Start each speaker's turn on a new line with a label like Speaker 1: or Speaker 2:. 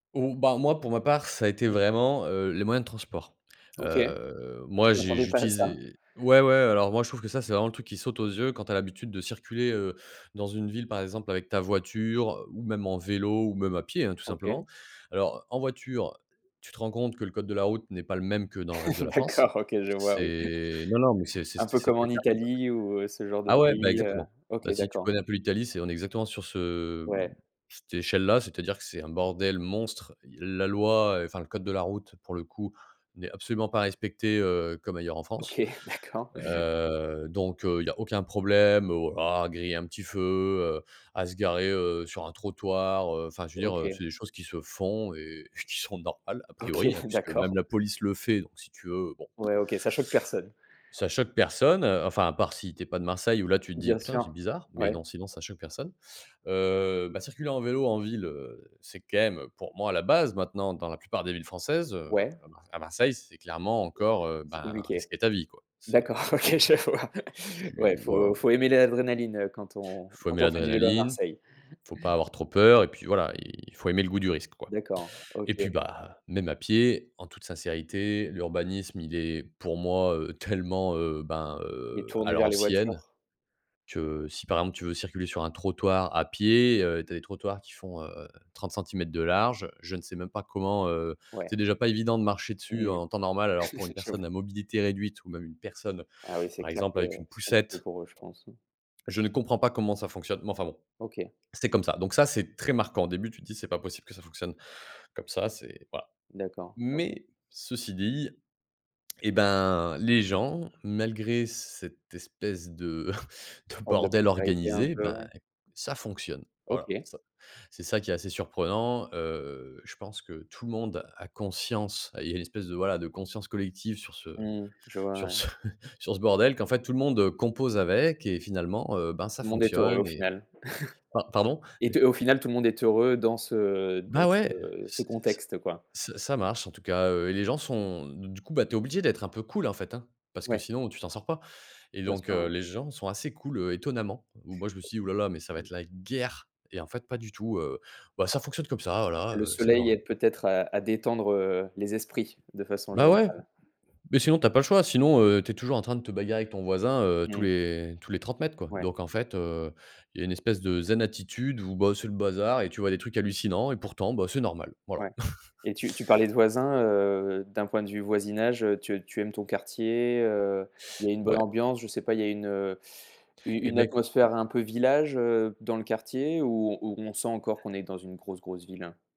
Speaker 1: Oh bah moi pour ma part ça a été vraiment, heu, les moyens de transport.
Speaker 2: OK.
Speaker 1: Heu, moi
Speaker 2: Je
Speaker 1: j'ai
Speaker 2: m'attendais pas à ça.
Speaker 1: j'utilisais ouais ouais, alors moi je trouve que ça c'est vraiment le truc qui saute aux yeux quand tu as l'habitude de circuler, heu, dans une ville, par exemple avec ta voiture, ou même en vélo, ou même à pied hein tout
Speaker 2: OK.
Speaker 1: simplement. Alors en voiture, tu te rends compte que le code de la route n'est pas le même que dans le reste de la France.
Speaker 2: D'accord, OK je vois oui.
Speaker 1: C'est non non, mais c'est c'est
Speaker 2: Un
Speaker 1: c'est
Speaker 2: peu comme en
Speaker 1: c'était [unintelligible]
Speaker 2: Italie ou heu, ce genre de
Speaker 1: ah ouais, bah
Speaker 2: pays, heu,
Speaker 1: exactement.
Speaker 2: OK
Speaker 1: Bah si tu
Speaker 2: d'accord.
Speaker 1: connais un peu l'Italie c'est, on est exactement sur ce heu,
Speaker 2: Ouais.
Speaker 1: cette échelle là, c'est-à-dire que c'est un bordel monstre. Heu, la loi, enfin le code de la route pour le coup, n'est absolument pas respecté, heu, comme ailleurs en France.
Speaker 2: OK, d'accord.
Speaker 1: Heu, donc heu, il y a aucun problème au voilà griller un petit feu, heu, à se garer, heu, sur un trottoir, heu, enfin je veux dire, heu,
Speaker 2: OK.
Speaker 1: c'est des choses qui se font et qui sont normales a priori,
Speaker 2: OK,
Speaker 1: puisque même
Speaker 2: d'accord.
Speaker 1: la police le fait, donc si tu veux, bon
Speaker 2: Ouais, OK, ça choque personne.
Speaker 1: ça choque personne. Enfin, à part si tu es pas de Marseille où là tu te dis:
Speaker 2: Bien
Speaker 1: «Putain c'est
Speaker 2: sûr.
Speaker 1: bizarre», mais
Speaker 2: Ouais.
Speaker 1: non sinon ça choque personne. Heu, bah circuler en vélo en ville, heu, c'est quand même pour moi la base maintenant dans la plupart des villes françaises, heu,
Speaker 2: Ouais.
Speaker 1: à ma à Marseille c'est clairement
Speaker 2: Heu,
Speaker 1: encore,
Speaker 2: c'est
Speaker 1: heu,
Speaker 2: c'est
Speaker 1: ben
Speaker 2: compliqué.
Speaker 1: risquer ta vie quoi,
Speaker 2: D'accord,
Speaker 1: c'est
Speaker 2: OK, à chaque fois.
Speaker 1: Tu
Speaker 2: Ouais,
Speaker 1: tu voilà.
Speaker 2: faut faut aimer l'adrénaline, heu, quand on
Speaker 1: Faut aimer
Speaker 2: quand on fait du vélo à
Speaker 1: l'adrénaline,
Speaker 2: Marseille.
Speaker 1: faut pas avoir trop peur et puis voilà, il faut aimer le goût du risque quoi,
Speaker 2: D'accord,
Speaker 1: et puis
Speaker 2: OK.
Speaker 1: bah même à pied, en toute sincérité, l'urbanisme, il est pour moi, heu, tellement, heu, ben,
Speaker 2: Il est
Speaker 1: heu, à
Speaker 2: tourné vers les
Speaker 1: l'ancienne
Speaker 2: voitures.
Speaker 1: que si par exemple tu veux circuler sur un trottoir à pied, heu, tu as des trottoirs qui font, heu, 30 cm de large, je ne sais même pas comment, heu,
Speaker 2: Ouais.
Speaker 1: c'est déjà pas évident de marcher dessus
Speaker 2: Mmh mh.
Speaker 1: en temps normal, alors pour une
Speaker 2: J'avoue.
Speaker 1: personne à mobilité réduite ou même une personne
Speaker 2: Ah oui, c'est
Speaker 1: par
Speaker 2: clair
Speaker 1: exemple
Speaker 2: que
Speaker 1: avec une
Speaker 2: c'est compliqué
Speaker 1: poussette
Speaker 2: pour eux, je pense.
Speaker 1: je ne comprends pas comment ça fonctionne, mais enfin bon,
Speaker 2: OK.
Speaker 1: c'est comme ça, donc ça, c'est très marquant. Au début tu te dis: «C'est pas possible que ça fonctionne comme ça, c'est voilà»,
Speaker 2: D'accord, OK.
Speaker 1: mais ceci dit et ben les gens, malgré cette espèce de de
Speaker 2: Forme de
Speaker 1: bordel
Speaker 2: précarité, un
Speaker 1: organisé,
Speaker 2: peu,
Speaker 1: ben
Speaker 2: ouais.
Speaker 1: ça fonctionne. Voilà
Speaker 2: OK.
Speaker 1: ça. C'est ça qui est assez surprenant, heu, je pense que tout le monde a conscience, ah il y a une espèce de, voilà, de conscience collective sur ce
Speaker 2: Mmh, je vois,
Speaker 1: sur
Speaker 2: ouais.
Speaker 1: ce sur ce bordel qu'en fait tout le monde compose avec et finalement, heu, ben
Speaker 2: Tout
Speaker 1: ça
Speaker 2: le monde est heureux, au
Speaker 1: fonctionne et
Speaker 2: final.
Speaker 1: pa pardon?
Speaker 2: Et te
Speaker 1: Mais
Speaker 2: au final, tout le monde est heureux dans ce
Speaker 1: Bah
Speaker 2: dans
Speaker 1: ouais!
Speaker 2: ce ce
Speaker 1: C ce
Speaker 2: contexte, quoi.
Speaker 1: ça ça marche en tout cas, heu, et les gens sont du du coup, bah, tu es obligé d'être un peu cool en fait hein, parce que
Speaker 2: Ouais.
Speaker 1: sinon tu t'en sors pas, et
Speaker 2: Bien
Speaker 1: donc
Speaker 2: sûr,
Speaker 1: heu,
Speaker 2: ouais.
Speaker 1: les gens sont assez cools, heu, étonnamment, ou moi je me suis dis: «Ouh là là mais ça va être la guerre!» et en fait, pas du tout, heu, bah ça fonctionne comme ça voilà,
Speaker 2: Le
Speaker 1: heu, c'est le
Speaker 2: soleil
Speaker 1: bordel.
Speaker 2: aide peut-être à à détendre, heu, les esprits de façon
Speaker 1: Bah ouais!
Speaker 2: générale.
Speaker 1: Mais sinon tu as pas le choix, sinon, heu, tu es toujours en train de te bagarrer avec ton voisin, heu, tous
Speaker 2: Mmh.
Speaker 1: les tous les 30 m quoi,
Speaker 2: Ouais.
Speaker 1: donc en fait, heu, il y a une espèce de zen attitude où, bah, c'est le bazar et tu vois? Des trucs hallucinants et pourtant, bah, c'est normal. Voilà.
Speaker 2: Ouais, et tu tu parlais de voisins, heu, d'un point de vue voisinage, heu, tu tu aimes ton quartier, heu, il y a une bonne
Speaker 1: Ouais.
Speaker 2: ambiance? Je sais pas, il y a une, heu, u
Speaker 1: Et
Speaker 2: une
Speaker 1: beh, écoute
Speaker 2: atmosphère un peu village, heu, dans le quartier, ou ou on sent encore qu'on est dans une grosse grosse ville, hein?